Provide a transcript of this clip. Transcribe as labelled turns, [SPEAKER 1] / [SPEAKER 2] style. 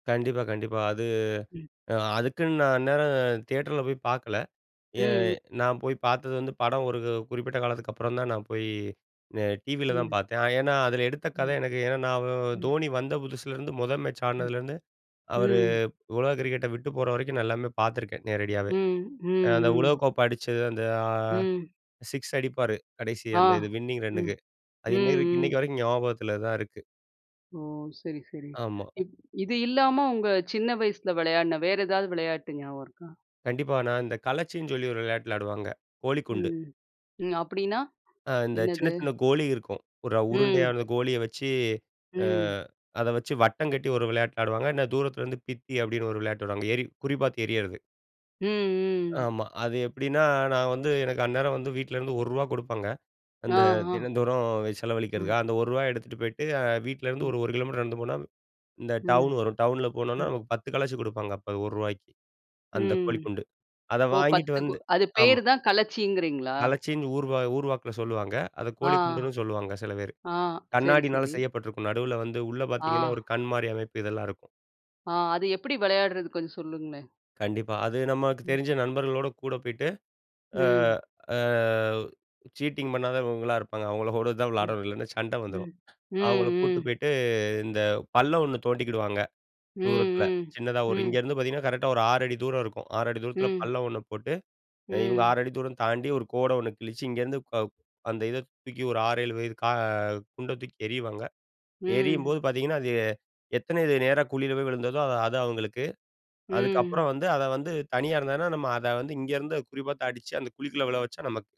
[SPEAKER 1] கண்டிப்பா கண்டிப்பா. அது
[SPEAKER 2] ம்.
[SPEAKER 1] அதுக்குன்னு நான் அந்நேரம் தியேட்டர்ல போய் பார்க்கல
[SPEAKER 2] ம், ம்.
[SPEAKER 1] நான் போய் பார்த்தது வந்து படம் ஒரு குறிப்பிட்ட காலத்துக்கு அப்புறம் தான் நான் போய் டிவியில் தான்
[SPEAKER 2] ம்.
[SPEAKER 1] பார்த்தேன் ஏன்னா அதில எடுத்த கத
[SPEAKER 2] ம்.
[SPEAKER 1] எனக்கு ஏன்னா நான்
[SPEAKER 2] ம்.
[SPEAKER 1] தோனி வந்த புதுசுலேருந்து முதல் மேட்ச்
[SPEAKER 2] ம்,
[SPEAKER 1] ஆடுனதுலேருந்து அவரு
[SPEAKER 2] ம்.
[SPEAKER 1] உலக கிரிக்கெட்ட விட்டு போற வரைக்கும் நான் எல்லாமே பார்த்துருக்கேன் நேரடியாவே
[SPEAKER 2] ம், ம்,
[SPEAKER 1] அந்த
[SPEAKER 2] ம்.
[SPEAKER 1] உலகக்கோப்பை அடிச்சது அந்த
[SPEAKER 2] ம்.
[SPEAKER 1] 6 அடிப்பாரு கடைசி
[SPEAKER 2] ஆ.
[SPEAKER 1] அந்த இது வின்னிங்
[SPEAKER 2] ம்,
[SPEAKER 1] ரன்னுக்கு
[SPEAKER 2] ம்,
[SPEAKER 1] அது இன்னைக்கு
[SPEAKER 2] ம்.
[SPEAKER 1] இன்னைக்கு வரைக்கும் ஞாபகத்தில் தான் இருக்கு.
[SPEAKER 2] ஓ! சரி, சரி.
[SPEAKER 1] ஆமா.
[SPEAKER 2] இப் இது இல்லாம உங்க சின்ன வயசில விளையாட்ன வேற ஏதாவது விளையாட்டு ஞாபகம் இருக்கா?
[SPEAKER 1] கண்டிப்பா. ஆனா இந்த களச்சின்னு சொல்லி ஒரு விளையாட்டு விளையாடுவாங்க கோலிக்குண்டு.
[SPEAKER 2] ம். அப்பிடின்னா
[SPEAKER 1] அ இந்த சின்ன,
[SPEAKER 2] என்னது?
[SPEAKER 1] சின்ன கோலி இருக்கும் ஒரு
[SPEAKER 2] ம்.
[SPEAKER 1] உருண்டையான கோலிய வச்சு, அ
[SPEAKER 2] ம்.
[SPEAKER 1] அத வச்சு வட்டம் கட்டி ஒரு விளையாட்டு விளையாடுவாங்க இல்லை தூரத்தில இருந்து பித்தி அப்படின்னு ஒரு விளையாட்டு விடுவாங்க எரி குறி பார்த்து எறியிறது.
[SPEAKER 2] ம், ம்.
[SPEAKER 1] ஆமா அது எப்படின்னா நான் வந்து எனக்கு அந்நேரம் வந்து வீட்டிலேருந்து ரூ. 1 கொடுப்பாங்க.
[SPEAKER 2] ஆ,
[SPEAKER 1] அந்த
[SPEAKER 2] ஆ.
[SPEAKER 1] தினந்தோறும்
[SPEAKER 2] அ.
[SPEAKER 1] செலவழிக்கிறதுக்காக. அந்த 1 ரூவா எடுத்துகிட்டு போயிட்டு வீட்லருந்து
[SPEAKER 2] ம்.
[SPEAKER 1] ஒரு 1 கிலோமீட்டர் நடந்து போனா இந்த
[SPEAKER 2] ம்,
[SPEAKER 1] டவுன் வரும். டவுன்ல போனோம்னா
[SPEAKER 2] ம்.
[SPEAKER 1] நமக்கு 10 களச்சி கொடுப்பாங்க அப்போ ரூ. 1க்கு அந்த
[SPEAKER 2] ம்.
[SPEAKER 1] கோழிக்குண்டு. அத
[SPEAKER 2] ஓ!
[SPEAKER 1] வாங்கிகிட்டு
[SPEAKER 2] 10
[SPEAKER 1] வந்து
[SPEAKER 2] அது
[SPEAKER 1] ஆமா.
[SPEAKER 2] பேர் தான் களச்சீங்கிறீங்களா?
[SPEAKER 1] கலச்சின்னு ஊர் ஊர்வாக்கில சொல்லுவாங்க. அத
[SPEAKER 2] ஆ
[SPEAKER 1] கோழிக்குண்டுன்னு சொல்லுவாங்க சில பேர்
[SPEAKER 2] ஆ. சரி,
[SPEAKER 1] கண்ணாடியினால
[SPEAKER 2] சரி.
[SPEAKER 1] செய்யப்பட்டிருக்கும் நடுவில வந்து உள்ள பார்த்தீங்கன்னா
[SPEAKER 2] ஆ.
[SPEAKER 1] ஒரு கண் மாதிரி அமைப்பு இதெல்லாம் இருக்கும்.
[SPEAKER 2] ஆ, அது எப்பிடி விளையாட்றது கொஞ்சம் சொல்லுங்களேன்!
[SPEAKER 1] கண்டிப்பா அது நமக்கு
[SPEAKER 2] ம்.
[SPEAKER 1] தெரிஞ்ச நண்பர்களோடு கூட போயிட்டு, அ
[SPEAKER 2] ம்.
[SPEAKER 1] அ சீட்டிங் பண்ணாதவங்களா இருப்பாங்க அவங்களோட தான்
[SPEAKER 2] ம்,
[SPEAKER 1] விளையாடணும் இல்லைன்னா சண்ட வந்துரும்.
[SPEAKER 2] ம், ம்,
[SPEAKER 1] அவங்கள கூட்டு
[SPEAKER 2] ம்.
[SPEAKER 1] போயிட்டு, இந்த பள்ளம் ஒண்ணு தோண்டிக்கிடுவாங்க
[SPEAKER 2] ம்,
[SPEAKER 1] தூரத்தில
[SPEAKER 2] ம்,
[SPEAKER 1] சின்னதா ஒரு
[SPEAKER 2] ம்.
[SPEAKER 1] இங்கேருந்து பார்த்தீங்கன்னா கரெக்ட்டா ஒரு 6 அடி தூரம் இருக்கும் 6 அடி தூரத்தில
[SPEAKER 2] ம்.
[SPEAKER 1] பள்ளம் ஒண்ணு போட்டு இவங்க 6
[SPEAKER 2] ம்.
[SPEAKER 1] அடி தூரம் தாண்டி 1 கோட ஒண்ணு கிழிச்சு இங்கருந்து அந்த இத தூக்கி ஒரு 6, 7 வயது க குண்ட தூக்கி எறிவாங்க
[SPEAKER 2] ம்.
[SPEAKER 1] எரியும்போது பார்த்தீங்கன்னா அது எத்தன நேரா குழியில போய் விழுந்ததோ அது அது அவங்களுக்கு.
[SPEAKER 2] ம்.
[SPEAKER 1] அதுக்கப்புறம் வந்து அத வந்து தனியா இருந்தாங்கன்னா நம்ம அத வந்து இங்க இருந்து குறிப்பாத்து அடிச்சு அந்த குழிக்குள்ள விழ வச்சா நமக்கு.